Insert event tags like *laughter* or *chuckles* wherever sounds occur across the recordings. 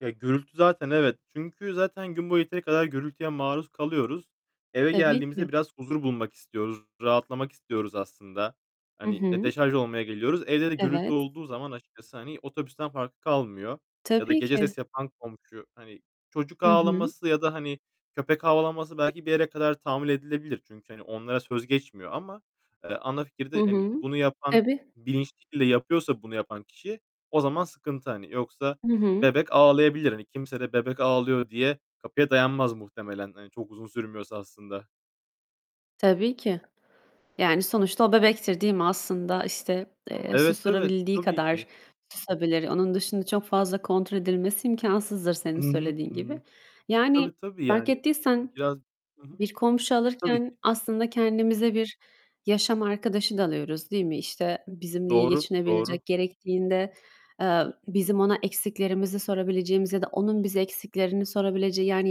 Ya, gürültü zaten evet. Çünkü zaten gün boyu yeteri kadar gürültüye maruz kalıyoruz. Eve Tabii geldiğimizde ki. biraz huzur bulmak istiyoruz, rahatlamak istiyoruz aslında. Hı Hani, e, hı. deşarj olmaya geliyoruz. Evde de gürültü Evet. olduğu zaman açıkçası hani otobüsten farkı kalmıyor. Ya da Tabii gece ki. ses yapan komşu, hani, çocuk Hı hı. ağlaması ya da hani köpek havlaması belki bir yere kadar tahammül edilebilir. Çünkü hani onlara söz geçmiyor ama, eee, ana Hı fikirde hani hı. bunu yapan Tabii. bilinçli şekilde yapıyorsa bunu yapan kişi o zaman sıkıntı, hani. Yoksa Hı hı. bebek ağlayabilir. Hani kimse de bebek ağlıyor diye kapıya dayanmaz muhtemelen. Hani, çok uzun sürmüyorsa aslında. Tabii ki. Yani sonuçta o bebektir, değil mi? Aslında işte, eee, Evet, evet, susturabildiği tabii ki. kadar susabilir. Onun dışında çok fazla kontrol edilmesi imkânsızdır senin Hı hı, söylediğin hı gibi. hı. Yani Tabii, tabii fark yani ettiysen biraz Hı hı, bir komşu tabii alırken ki. aslında kendimize bir yaşam arkadaşı da alıyoruz, değil mi? İşte, bizimle iyi Doğru, doğru. geçinebilecek, gerektiğinde, eee, bizim ona eksiklerimizi sorabileceğimiz ya da onun bize eksiklerini sorabileceği yani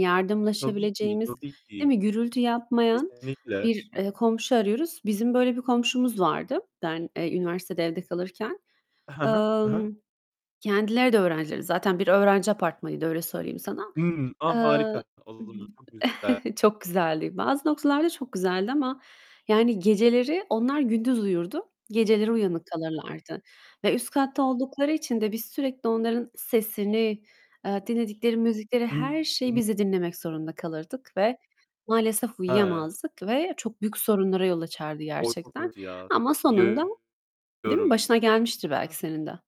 Tabii ki. yardımlaşabileceğimiz, Tabii değil ki. mi? Gürültü yapmayan Kesinlikle. bir, eee, komşu arıyoruz. Bizim böyle bir komşumuz vardı ben, eee, üniversitede evde kalırken. Hı hı, hı hı. Emm, kendileri de öğrenciydi zaten. Bir öğrenci apartmanıydı öyle söyleyeyim sana. Imm, a, Eee, harika! Olur, çok güzel. *chuckles* çok güzeldi. Bazı noktalarda çok güzeldi ama yani geceleri Onlar gündüz uyurdu geceleri uyanık kalırlardı ve üst katta oldukları için de biz sürekli onların sesini, eee, dinledikleri müzikleri, her şeyi *unintelligible* biz de dinlemek zorunda kalırdık ve maalesef *unintelligible* uyuyamazdık ve çok büyük sorunlara yol açardı O çok gerçekten. kötü ya. Ama sonunda Biliyorum. Değil mi, başına gelmiştir belki Heh. senin de.